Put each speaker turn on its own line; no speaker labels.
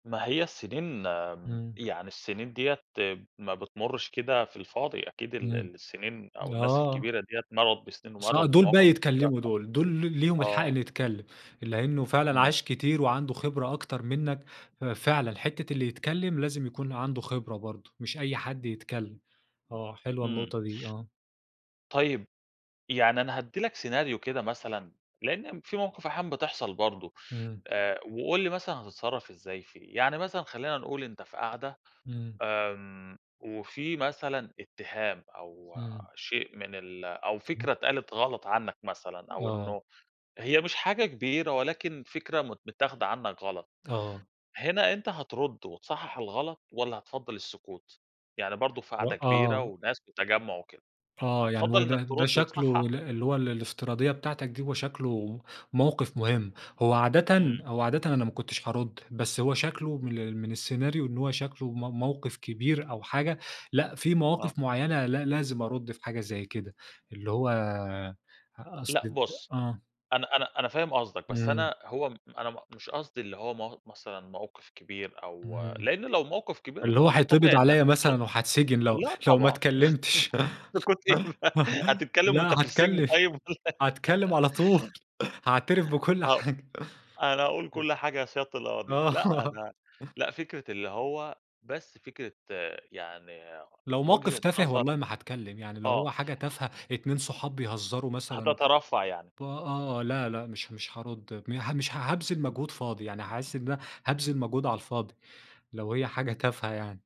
ما هي السنين آمم،
إمم.
يعني السنين ديّة ما بتمرش كده في الفاضي، أكيد ال
إمم،
السنين أو الناس
آه.
الكبيرة ديّة مرّت بسنين ومرّت
اصا دول بقي
بمواقِف كتيرة
يتكلموا
ف
دول دول ل ليهم الحق
آه.
اللي يتكلم، لإنه فعلًا
إمم.
عاش كتير وعنده خبرة أكتر منك، ففعلًا، حتّة اللي يتكلم لازم يكون عنده خبرة برضه، مش أي حد يتكلم. آه، حلوة
إمم.
النقطة دي، آه.
طيب، يعني أنا هادّي لك سيناريو كده مثلًا، لأن في موقِف أحيانًا بتحصل برضه
إمم.
آآ، وقُل لي مثلًا هتتصرف إزاي فيه، يعني مثلًا خلينا نقول أنت في قعدة،
إمم.
آمم، وفي مثلًا اتهام أو
إمم.
شيء من ال أو فكرة
تمام.
اتقالت غلط عنك مثلًا أو
آه.
إنه هي مش حاجة كبيرة ولكن فكرة مت متاخده عنك غلط،
آه.
هنا أنت هترد وتصحح الغلط والّا هتفضّل السكوت، يعني برضه في
و
قعدة كبيرة
آه.
وناس وتجمّع وكده،
آه، يعني
هتفضّل
هو
إنك
ده ده
ترد
شكله
وتصحح؟
ال اللي هو ال الافتراضية بتاعتك دي هو شكله موقِف مهم، هو عادةً
إمم.
هو عادةً أنا ما كنتش هارد، بس هو شكله من ال من السيناريو إن هو شكله م موقِف كبير أو حاجة لأ، في
آه.
مواقِف معيّنة لأ لازم أرد في حاجة زي كده، اللي هو
لأ
أصل ت
بُص،
آه.
أنا أنا أنا فاهم قصدك بس
إمم.
أنا هو م أنا م مش قصدي اللي هو مو مثلًا موقِف كبير أو
اهم،
لإن لو موقِف كبير
اللي هو
ده
هيتقبض
طبيعي إنك
عليّا
هترد،
مثلًا وهاتسجن، لو
لأ
لو ما
طبعًا،
اتكلمتش
سكوت إيه بقى هتتكلم وأنت
لأ
في السجن
هاتكلم،
طيب والّا
هاتكلم على طول، هاعترف بكل
هو
حاجة،
أنا هأقُول
إمم.
كل حاجة يا سيادة القاضي، لأ،
آه.
أنا لأ، فكرة اللي هو بس فكرة يعني
لو موقِف
وجهة
تافه
نظر
والله ما هاتكلم، يعني لو هو
آه.
حاجة تافهة، اتنين صحاب بيهزروا مثلًا
هتترفّع يعني.
ب آه، آه، لأ، لأ، مش مش هارد مه مش هابذل
إمم.
مجهود فاضي يعني، هاحس إن أنا هابذل مجهود على الفاضي لو هي حاجة تافهة يعني.